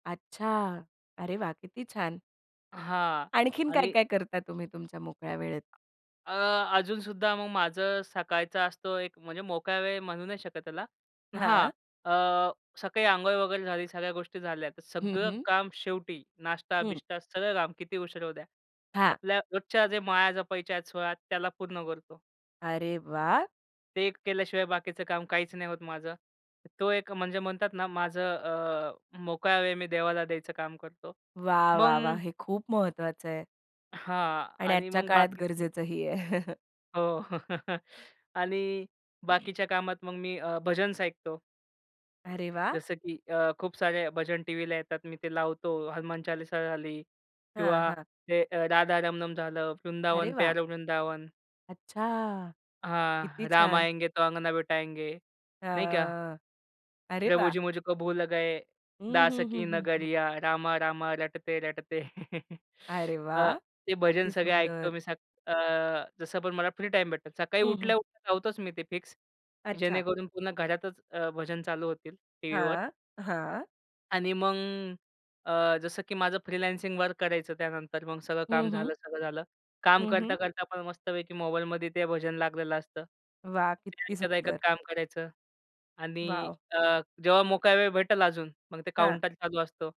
अच्छा, अरे वाह! किती छान. हां आणखीन आणि काय-काय करता, तुम्ही तुमच्या मोकळ्या वेळेत? अ, अजूनसुद्धा मग माझं सकाळचं असतो एक, म्हणजे मोकळा वेळ म्हणू नाही शकत त्याला. हां, हां. अ, सकाळी अंघोळ वगैरे झाली, सगळ्या गोष्टी झाल्या, तर हं, सगळं हं. काम शेवटी हं. नाश्ता-बिष्टा ,सगळं काम किती उशीर होऊ द्या, हां. आपल्या रोजच्या जे माळा जपायच्या आहेत 16, त्याला पूर्ण करतो. अरे वाह! ते एक केल्याशिवाय बाकीचं काम काहीच नाही होत माझं. तो एक म्हणजे म्हणतात ना माझं अ, मोकळा वेळ मी देवाला द्यायचं काम करतो. वाह! मग वाह! वाह! हे खूप महत्वाचं आहे. हां आणि आणि आजच्या मग काळात बाकीचं गरजेचंही आहे. हो आणि बाकीच्या कामात मग मी अ, भजन्स ऐकतो. अरे वाह! जसं की अ, खूप सारे भजन टीव्हीला येतात, मी ते लावतो. हनुमान चालीसा झाली हां, किंवा हां. ते अ, राधा रमनम झालं, अरे वृंदावन वाह! प्यारा वृंदावन. अच्छा! किती हां राम छान. आएंगे तो अंगना बिठाएंगे नाही का. हं. अरे वाह! प्रभुजी मुझे को भूल गए, हं, दास हं, हं, की हं, हं. नगरिया, रामा रामा रटते रटते. अरे वाह! अ, ते भजन किती सगळे ऐकतो सुंदर. मी सग अ, जसं पण मला फ्री टाईम भेटतो. सकाळी हं, हं. उठल्या-उठल्या लावतोच मी ते फिक्स. अच्छा. जेणेकरून पुन्हा घरातच अ, भजन चालू होतील टीव्हीवर. हां. हां. आणि मग अ, जसं की माझं फ्रीलान्सिंग वर्क करायचं त्यानंतर मग सगळं काम हं, हं. झालं, सगळं झालं. काम हं, हं. करता-करता पण मस्तपैकी मोबाईलमध्ये ते भजन लागलेलं असतं. वाह! ते किती ऐकत-ऐकत सुंदर. काम करायचं आणि वाॅव! अ, जेव्हा मोकळा वेळ भेटेल अजून, मग ते हां. काउंटर चालू असतो.